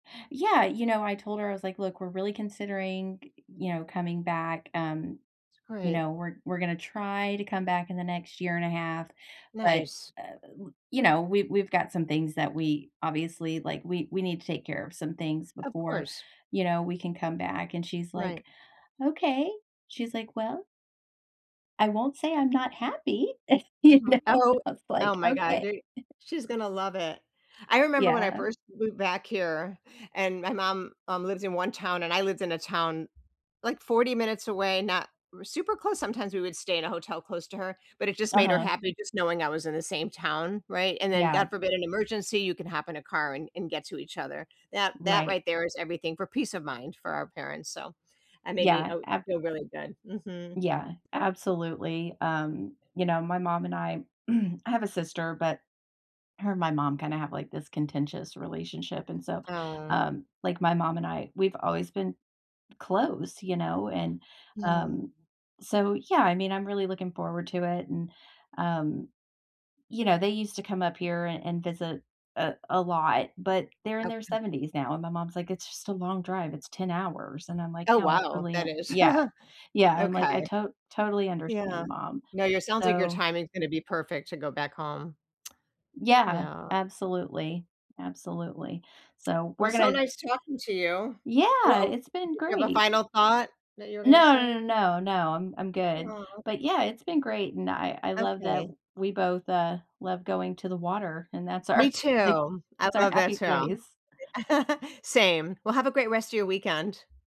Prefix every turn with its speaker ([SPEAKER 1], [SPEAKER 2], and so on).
[SPEAKER 1] Yeah, you know, I told her, I was like, "Look, we're really considering, y you know, coming back, um, you
[SPEAKER 2] Right.
[SPEAKER 1] know, we're we're gonna try to come back in the next year and a 1/2, but,
[SPEAKER 2] Nice.
[SPEAKER 1] uh, u uh, you know, we we've got some things that we obviously like, we we need to take care of some things
[SPEAKER 2] Of
[SPEAKER 1] before,
[SPEAKER 2] course.
[SPEAKER 1] you know, we can come back." And she's like,
[SPEAKER 2] Right.
[SPEAKER 1] "Okay." She's like, "Well" "I won't say I'm not happy." You
[SPEAKER 2] Mhm.
[SPEAKER 1] know? And
[SPEAKER 2] Oh
[SPEAKER 1] I was like,
[SPEAKER 2] oh my god
[SPEAKER 1] "Okay."
[SPEAKER 2] they she's gonna love it. I remember when I
[SPEAKER 1] Yeah.
[SPEAKER 2] first moved back here and my mom, um, lives in one town and I lived in a town, like, 40 minutes away, r not super close sometimes we would stay in a hotel close to her, but it just made her
[SPEAKER 1] Uh-huh.
[SPEAKER 2] happy just knowing I was in the same town, right, and then
[SPEAKER 1] Yeah.
[SPEAKER 2] God forbid an emergency, you can hop in a car and and get to each other. That that
[SPEAKER 1] Right.
[SPEAKER 2] right there is everything for peace of mind for our parents. So, I made me
[SPEAKER 1] Yeah,
[SPEAKER 2] o
[SPEAKER 1] ab
[SPEAKER 2] feel really good. Mhm.
[SPEAKER 1] Yeah, absolutely, um, you know, my mom and I I have a sister, but, her and my mom kinda have, like, this contentious relationship, and so,
[SPEAKER 2] Oh.
[SPEAKER 1] um, like, my mom and I, we've always been close, you know, and,
[SPEAKER 2] Yeah.
[SPEAKER 1] um, so, yeah, I mean, I'm really looking forward to it and, um, you know, they used to come up here an and visit a a lot, but they're in their
[SPEAKER 2] Okay.
[SPEAKER 1] 70s now and my mom's like, "It's just a long drive, It's 10 hours." And I'm like,
[SPEAKER 2] Oh,
[SPEAKER 1] "No, I
[SPEAKER 2] wow,
[SPEAKER 1] totally
[SPEAKER 2] that
[SPEAKER 1] un"
[SPEAKER 2] is
[SPEAKER 1] Yeah, yeah, I'm like, "I
[SPEAKER 2] okay.
[SPEAKER 1] to totally understand,
[SPEAKER 2] Yeah,
[SPEAKER 1] mom."
[SPEAKER 2] no your sounds like your
[SPEAKER 1] So
[SPEAKER 2] timing's gonna be perfect to go back home.
[SPEAKER 1] Yeah,
[SPEAKER 2] Yeah.
[SPEAKER 1] absolutely, absolutely. So,
[SPEAKER 2] Well,
[SPEAKER 1] we're
[SPEAKER 2] so
[SPEAKER 1] gonna
[SPEAKER 2] nice talking to you.
[SPEAKER 1] Yeah,
[SPEAKER 2] Well, uh
[SPEAKER 1] it's been
[SPEAKER 2] did you have a
[SPEAKER 1] great!
[SPEAKER 2] final thought that you were gonna
[SPEAKER 1] No, no,
[SPEAKER 2] say?
[SPEAKER 1] no, no, no I'm I'm good,
[SPEAKER 2] Aw.
[SPEAKER 1] but, yeah, it's been great, and I I love that
[SPEAKER 2] Okay.
[SPEAKER 1] we both, uh, love going to the water, and that's
[SPEAKER 2] Me
[SPEAKER 1] our, like
[SPEAKER 2] too, I
[SPEAKER 1] that's our
[SPEAKER 2] love that
[SPEAKER 1] happy
[SPEAKER 2] too.
[SPEAKER 1] place.
[SPEAKER 2] Same, well, have a great rest of your weekend.